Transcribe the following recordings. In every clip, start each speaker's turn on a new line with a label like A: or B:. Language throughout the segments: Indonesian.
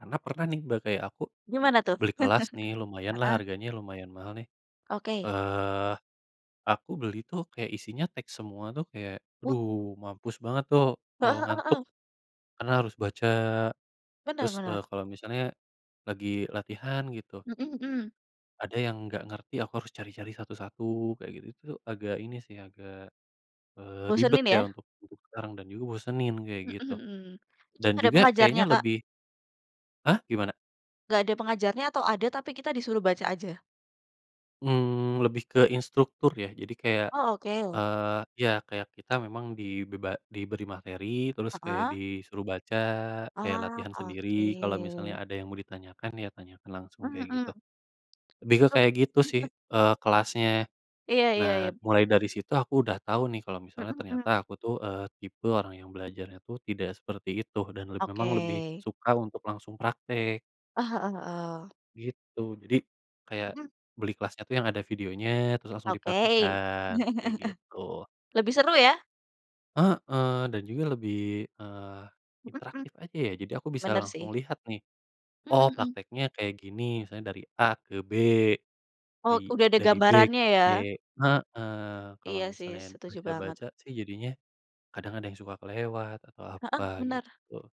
A: Karena pernah nih Mbak kayak aku,
B: Gimana tuh?
A: beli kelas nih lumayan lah
B: Heeh.
A: harganya, lumayan mahal nih,
B: Oke.
A: eee, aku beli tuh kayak isinya teks semua tuh kayak,
B: Wah.
A: aduh mampus banget tuh,
B: Heeh
A: eee,
B: heeh
A: ngantuk,
B: heeh.
A: karena harus baca,
B: Benar
A: terus,
B: benar.
A: eee, kalau misalnya lagi latihan gitu
B: Mhm mhm.
A: ada yang nggak ngerti, aku harus cari-cari satu-satu kayak gitu-gitu, agak ini sih, agak, eee, ribet
B: Bosenin ya.
A: ya untuk mendukung sekarang dan juga bosenin kayak gitu.
B: Mhm-mhm.
A: Dan
B: Ada
A: juga kayaknya
B: pengajarnya Kak?
A: lebih Hah gimana?
B: Nggak ada pengajarnya atau ada tapi kita disuruh baca aja?
A: Mmm, lebih ke instruktur ya, jadi kayak,
B: Oh oke.
A: eee iya, kayak kita memang dibeba diberi materi, terus kayak
B: Heeh.
A: disuruh baca, kayak
B: Oh
A: latihan sendiri. Kalau misalnya
B: oke.
A: ada yang mau ditanyakan, ya tanyakan langsung
B: Mmm
A: kayak gitu.
B: mhm.
A: Lebih ke
B: Ok
A: kayak gitu sih, eee, kelasnya.
B: Iya iya
A: Nah,
B: iya.
A: mulai dari situ aku udah tahu nih kalau
B: Mhm
A: misalnya
B: mhm.
A: ternyata aku tuh, eee, tipe orang yang belajarnya tuh tidak seperti itu. Dan le
B: Oke.
A: memang lebih suka untuk langsung praktek.
B: Eh heeh heeh.
A: Gitu, jadi, kayak
B: Mhm.
A: beli kelasnya tuh yang ada videonya, terus langsung
B: Oke.
A: dipraktekkan, kayak gitu.
B: Lebih seru ya?
A: Heeh, dan juga lebih, eee,
B: Mhm.
A: interaktif aja ya, jadi aku bisa
B: Benar
A: langsung
B: sih.
A: lihat nih.
B: Mhm
A: Oh
B: mhm.
A: prakteknya kayak gini, misalnya dari A ke B.
B: Oh
A: I
B: udah ada
A: dari B ke
B: gambarannya
A: C
B: ya.
A: heeh, kalau
B: Iya sih
A: misalnya
B: setuju banget.
A: baca-baca sih jadinya, kadang ada yang suka kelewat, atau
B: Heeh
A: apa,
B: benar,
A: gitu.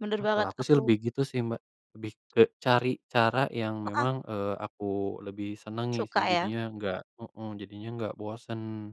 B: benar
A: Nah kalau
B: banget
A: aku sih lebih
B: aku
A: gitu sih Mbak, lebih ke cari cara yang
B: Heeh.
A: memang, eee, aku lebih senangi sih
B: Suka ya?
A: jadinya nggak heeh, jadinya nggak bosen.